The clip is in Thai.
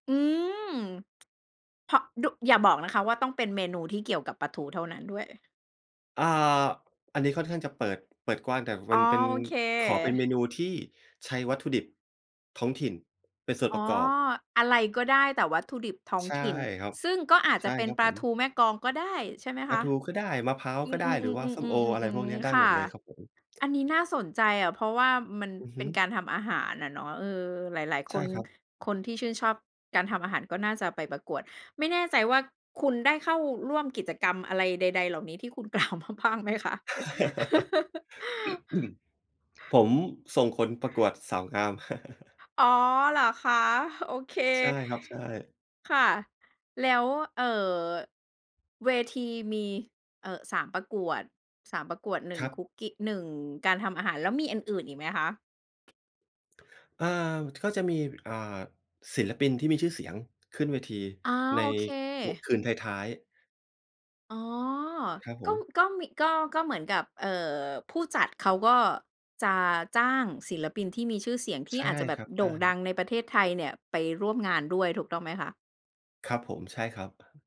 อืม เพราะ ดุ อย่าบอกนะคะ ว่าต้องเป็นเมนูที่เกี่ยวกับปลาทูเท่านั้นด้วย? อ่า อันนี้ค่อนข้างจะเปิด เปิดกว้าง แต่มอ๋ัอ นเป็น โอเค ขอเป็นเมนูที่ใช้วัตถุดิบ ท้องถิ่นเป็นส่วอน๋อ ประกอบ อะไรก็ได้ แต่วัตถุดิบท้องใช่ถิ่น ครับ ซึ่งก็อาจใชจะ่เป็คนรับปลผาทม ูแม่กลองก็ได้ ใช่ไหมปคลาะ? ทูก็ได้ มะพร้าวอืก็ได้ หรือว่าส้มโอ อะไรม พวกเนี้ๆ ๆ ๆ ๆ ยๆ ได้ๆ ค่หมะ ดเลยครับผม อันนี้น่าสนใจอะ เพราะว่ามันอือเฮป็ึ นการทำอาหารน่ะเนาะ เออ หลาย ๆ คใช่น ครับ คนที่ชื่นชอบการทำอาหาร ก็น่าจะไปประกวด ไม่แน่ใจว่า คุณได้เข้าร่วมกิจกรรมอะไรใด ๆ เหล่านี้ที่คุณ กล่าวมาบ้างไหมคะ? ผมส่งคนประกวดสาวงาม อ๋อ เหรอคะ โอเค ใช่ครับ ใช่ ค่ะ แล้ว เอ่อ เวทีมี เอ่อ 3 ประกวด 3 ประกวด หนึ่คง รับ คุกกี้ 1 การทำอาหาร แล้วมีอันอื่นอีกไหมคะ? อา ก็จะมี อ่า ศิลปินที่มีชื่อเสียงขึ้นเวทีอา ใน โอเค ว คืนท้าย ๆ อ๋อ ครับผก็ ม ก็มี ก็ ก็เหมือนกับ เอ่อ ผู้จัดเขาก็ จะจ้างศิลปินที่มีชื่อเสียง ทใีช่่อาจจะแบคบรับ โใดช่งด่ ังในประเทศไทยเนี่ย ไปร่วมงานด้วยถูกต้องไหมคะ? ครับผม ใช่ครับ